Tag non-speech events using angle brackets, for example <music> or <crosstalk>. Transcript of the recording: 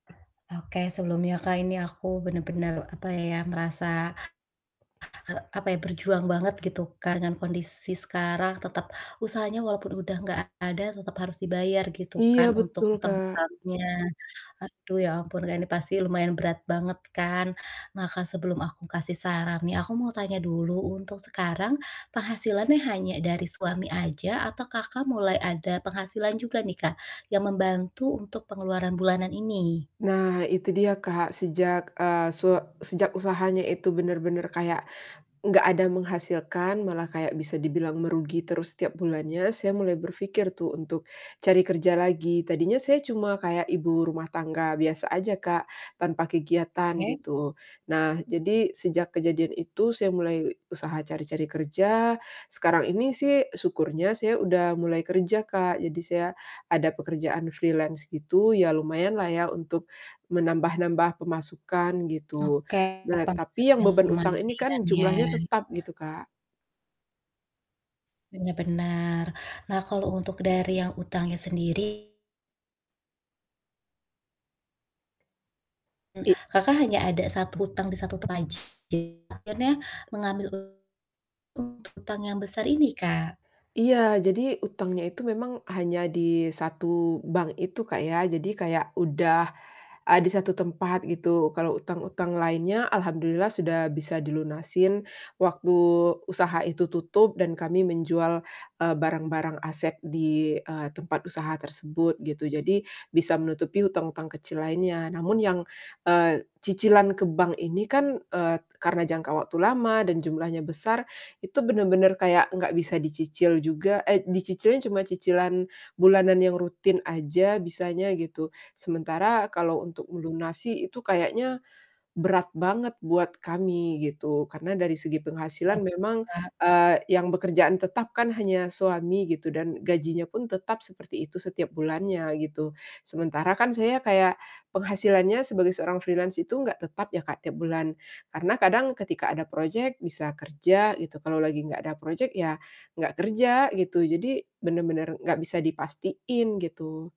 Oke, sebelumnya Kak ini aku benar-benar apa ya merasa, hek apa ya, berjuang banget gitu kan dengan kondisi sekarang tetap usahanya walaupun udah gak ada tetep harus dibayar gitu Iya kan untuk betul, Kak. utang-utangnya. Aduh ya ampun Kak, ini pasti lumayan berat banget kan, maka sebelum aku kasih saran nih aku mau tanya dulu, untuk sekarang penghasilannya hanya dari suami aja? Atau Kakak, mulai ada penghasilan juga nih Kak, yang membantu untuk pengeluaran bulanan ini? Nah, itu dia Kak, sejak, eee, su sejak usahanya itu benar-benar kayak, nggak ada menghasilkan malah kayak bisa dibilang merugi terus setiap bulannya, saya mulai berpikir tuh untuk cari kerja lagi. Tadinya saya cuma kayak ibu rumah tangga biasa aja Kak, tanpa kegiatan Oke. gitu. Nah, jadi sejak kejadian itu saya mulai usaha cari-cari kerja, sekarang ini sih syukurnya saya udah mulai kerja, Kak. Jadi, saya ada pekerjaan freelance gitu, ya lumayan lah ya untuk menambah-nambah pemasukan, gitu. Oke, Nah, tapi yang penghasilannya beban utang ini mendingan kan ya? jumlahnya tetap gitu, Kak. Benar benar. Nah, kalau untuk dari yang utangnya sendiri M I Kakak, hanya ada 1 utang di satu tempat aja, akhirnya mengambil utang yang besar ini, Kak? Iya, jadi utangnya itu memang hanya di 1 bank itu Kak, ya. Jadi, kayak udah a di 1 tempat gitu, kalau utang-utang lainnya alhamdulillah sudah bisa dilunasin, waktu usaha itu tutup dan kami menjual, eee, barang-barang aset di, eee, tempat usaha tersebut, gitu. Jadi, bisa menutupi utang-utang kecil lainnya namun yang, eee, cicilan ke bank ini kan, eee, karna jangka waktu lama dan jumlahnya besar, itu benar-benar kayak nggak bisa dicicil juga eh, dicicilnya cuma cicilan bulanan yang rutin aja bisanya, gitu. Sementara kalau untuk melunasi itu kayaknya berat banget buat kami gitu, karena dari segi penghasilan <unintelligible> memang, Kak. eee, yang bekerjaan tetap kan hanya suami gitu dan gajinya pun tetap seperti itu setiap bulannya, gitu. Sementara kan saya kayak penghasilannya sebagai seorang freelance itu gak tetap ya Kak, tiap bulan karena kadang ketika ada projek bisa kerja gitu, kalo lagi gak ada projek ya gak kerja, gitu. Jadi, benar-benar gak bisa dipastiin, gitu.